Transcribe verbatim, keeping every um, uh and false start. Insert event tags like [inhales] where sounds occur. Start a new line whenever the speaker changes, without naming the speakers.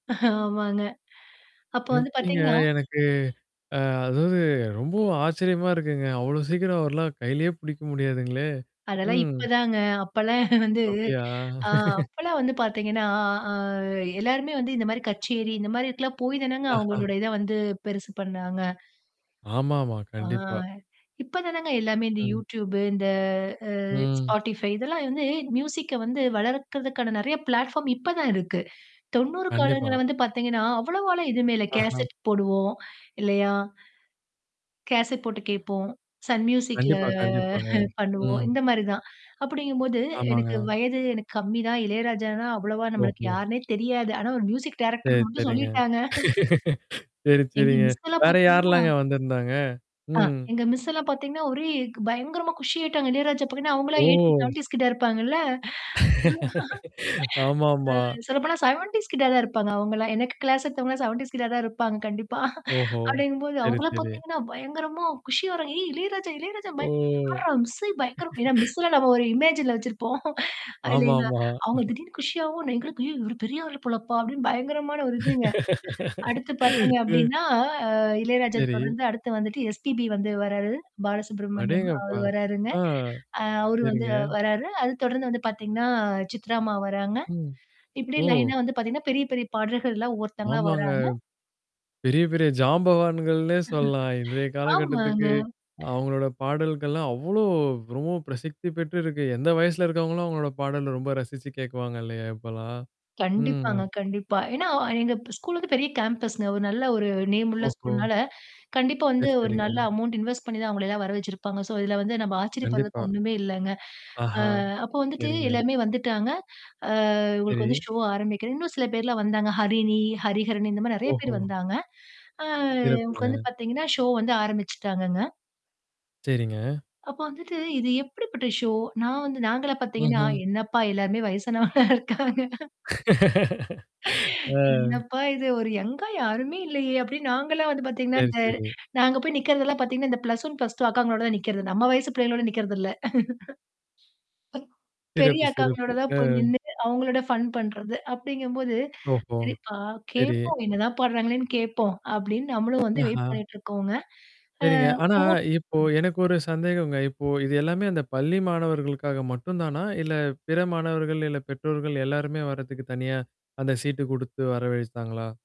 ஆமாங்க. [inhales] அப்ப வந்து
எப்படிங்க
பாத்தீங்கோ
எனக்கு ஆ, அதாவது ரொம்ப ஆச்சரியமா இருக்குங்க அவ்ளோ சீக்கிரம் அவர்லாம் கையிலேயே புடிக்க முடியாதுங்களே!
அதெல்லாம்
ம்.
இப்பதாங்க, அப்பலாம் [laughs] வந்து, [inhales]
அப்படியா? [laughs]
அப்பலாம் வந்து பாத்தீங்கன்னா ஆ எல்லாருமே வந்து இந்த மாதிரி கச்சேரி இந்த மாதிரிலாம் போய்தானங்க
ஆஹா.
அவங்களுடைய இத வந்து பெருசு பண்ணுனாங்க.
ஆமாமா.
ஆ,
கண்டிப்பா.
இப்பதானங்க எல்லாமே இந்த
ம்.
யூடியூப்பு இந்த ஆ
ம்.
ஸ்பாட்டிஃபை இதெல்லாம் வந்து மியூசிக்க வந்து வளர்கறதுக்கான நிறைய பிளாட்ஃபார்ம் இப்ப தான் இருக்கு. [inhales] தொண்ணூறு காலங்கள்ல
கண்டிப்பா.
வந்து பாத்தீங்கன்னா அவ்வளவால்லா எதுமே இல்ல
ஆஹ.
கேசட் போடுவோம் இல்லையா. [inhales] கேசட் போட்டு கேப்போம். சன் மியூசிக்ல
கண்டிப்பா, கண்டிப்பாங்க.
[laughs] பண்ணுவோம்,
ம்.
இந்த மாதிரி தான், [inhales] அப்படிங்கும்போது எனக்கு
ஆமாங்க.
வயது எனக்கு கம்மி தான் இளையராஜான்னா அவ்வளவா நம்மளுக்கு
[unintelligible]
யாருனே தெரியாது. ஆனா ஒரு மியூசிக்
சரி,
டைரக்டர்னு மட்டும்
சேரிங்க.
சொல்லிட்டாங்க.
[laughs] சேரி,
எங்க
சேரிங்க.
மிஸ்ல்லாம்
வேற
பாத்தீங்கன்னா,
யார்லாங்க வந்திருந்தாங்க?
ஆ,
ம்.
எங்க மிஸ்ல்லாம் பாத்தீங்கன்னா ஒரே பயங்கரமா குஷியாயிட்டாங்க, இளையராஜா பாத்தீங்கன்னா அவங்கலாம் எய்ட்டிஸ்,
ஓ!
செவென்டீஸ் கிட்ட இருப்பாங்கள்ள, [inhales]
[laughs] ஆமாமா.
[laughs] ஆ சொல்லப் போனா செவென்டீஸ் கிட்ட தான் இருப்பாங்க அவங்கல்லாம், எனக்கு கிளாஸ் எடுத்தவங்களாம் செவென்டீஸ் கிட்ட தான் இருப்பாங்க கண்டிப்பா. [laughs]
ஓஹோ!
[inhales] அப்படிங்கும்போது
சேரி,
அவங்கலாம்
சேரி.
பாத்தீங்கன்னா பயங்கரமா குஷியாவறாங்க ஏய் இளையராஜா, இளையராஜா
ஓ!
பயங்கரமா மிஸ்ஸே பயங்கரமா, ஏன்னா
[laughs]
மிஸ்ஸே நம்ம ஒரு இமேஜ்ல வச்சிருப்போம். [laughs] [inhales] அதிலங்க,
ஆமாமா.
அவங்க
[laughs]
திடீர்னு குஷியாவும் எங்களுக்கு, ஏய் இவரு பெரிய ஆளு போலப்பா, அப்படின்னு பயங்கரமான ஒரு இதுங்க. [inhales]
[laughs]
அடுத்து பாத்தீங்க
[inhales] ம்.
அப்படின்னா இளையராஜா
சேரி.
தொடர்ந்து அடுத்து வந்துட்டு எஸ்பிபி வந்து வர்றாரு, பாலசுப்ரமணியம் அவரு
அடேயங்கப்பா
வர்றாருங்க.
ஆ
[inhales] ஆ அவரு வந்து
சேரிங்க.
வர்றாரு, அது தொடர்ந்து வந்து பாத்தீங்கன்னா சித்ரா அம்மா வராங்க.
ம்.
[inhales] இப்படியே
ஓ!
லயன்னா வந்து பாத்தீங்கன்னா பெரிய, பெரிய பாடகர்கள்லாம் ஒவ்வொருத்தங்களா
ஆமாங்க,
வராங்க.
பெரிய, பெரிய ஜாம்பவான்கள்னே சொல்லலாம், இன்றைய
ஆமாங்க.
காலகட்டத்துக்கு
[inhales]
அவங்களோட பாடல்கள்லாம், அவ்ளோ ரொம்ப பிரசித்தி பெற்று இருக்கு எந்த வயசுல இருக்கவங்களும் அவங்களோட பாடல ரொம்ப ரசிச்சு கேக்குவாங்க இல்லையா இப்பலாம்? ம்.
கண்டிப்பாங்க கண்டிப்பா. ஏன்னா எங்க ஸ்கூல்க்கு பெரிய கேம்பஸ் ங்க, ஒரு நல்ல, ஒரு நேம் உள்ள
ஓஹோ!
ஸ்கூல்னால [inhales] கண்டிப்பா வந்து
சேரி,
ஒரு
சேரிங்க.
நல்ல அமௌன்ட் இன்வெஸ்ட் பண்ணி தான் அவங்களையெல்லாம் வர வச்சுருப்பாங்க. சோ, இதுல வந்து நம்ம ஆச்சரியப்படுறதுக்கு
கண்டிப்பா.
ஒண்ணுமே இல்லைங்க.
ஆஹா!
[inhales] ஆ அப்ப வந்துட்டு
சேரிங்க.
எல்லாமே வந்துட்டாங்க, [inhales] ஆ உங்களுக்கு வந்து
சரி.
ஷோ ஆரம்பிக்கிறாங்க. இன்னும் சில பேர்லாம் வந்தாங்க ஹரிணி, ஹரிஹரன் இந்த மாதிரி நிறைய பேர்
ஓஹோ!
வந்தாங்க, [inhales] ஆ உங்களுக்கு வந்து
சிறப்புங்க.
பாத்தீங்கன்னா ஷோ வந்து ஆரம்பிச்சுட்டாங்கங்க.
சேரிங்க.
அப்ப வந்துட்டு இது எப்படிப்பட்ட ஷோ நான் வந்து நாங்கலாம் பாத்தீங்கன்னா
ம்ஹ்ம்.
என்னப்பா எல்லாருமே வயசானவங்களா இருக்காங்க. [laughs]
[laughs] ஆ.
என்னப்பா இது ஒரு யங்கா யாருமே இல்லையே அப்படின்னு நாங்கலாம் வந்து பாத்தீங்கன்னா,
சரி,
இந்த
சரி.
நான் அங்க போய் நிக்கிறதுலாம் பாத்தீங்கன்னா இந்த ப்ளஸ் ஒன் ப்ளஸ் டூ அக்காங்களோட தான் நிக்கிறது. நம்ம வயசு பிள்ளைங்களோட நிக்கிறது இல்ல. [laughs] [unintelligible] பெரிய
சிறப்பு,
அக்காங்களோட
சிறப்பு.
தான்
ஆ.
போய் நின்னுட்டு அவங்களோட ஃபன் பண்றது. அப்படிங்கும்போது,
ஹோ!
சேரிப்பா
சரி.
கேப்போம் என்னதான் பான்றாங்களேன்னு கேப்போம், அப்படின்னு நம்மளும் வந்து வெயிட்
ஆஹா!
பண்ணிட்டு இருக்கோம்ங்க, ஆ
சேரிங்க ஆனா
ஒவ்வொருத்தவங்களும்
இப்போ எனக்கு ஒரு சந்தேகம்ங்க, இப்போ இது எல்லாமே அந்த பள்ளி மாணவர்களுக்காக மட்டும்தானா, இல்ல பிற மாணவர்கள் இல்ல பெற்றோர்கள் எல்லாருமே வர்றதுக்கு தனியா, அந்த சீட்டு கொடுத்து வரவழிச்சாங்களா?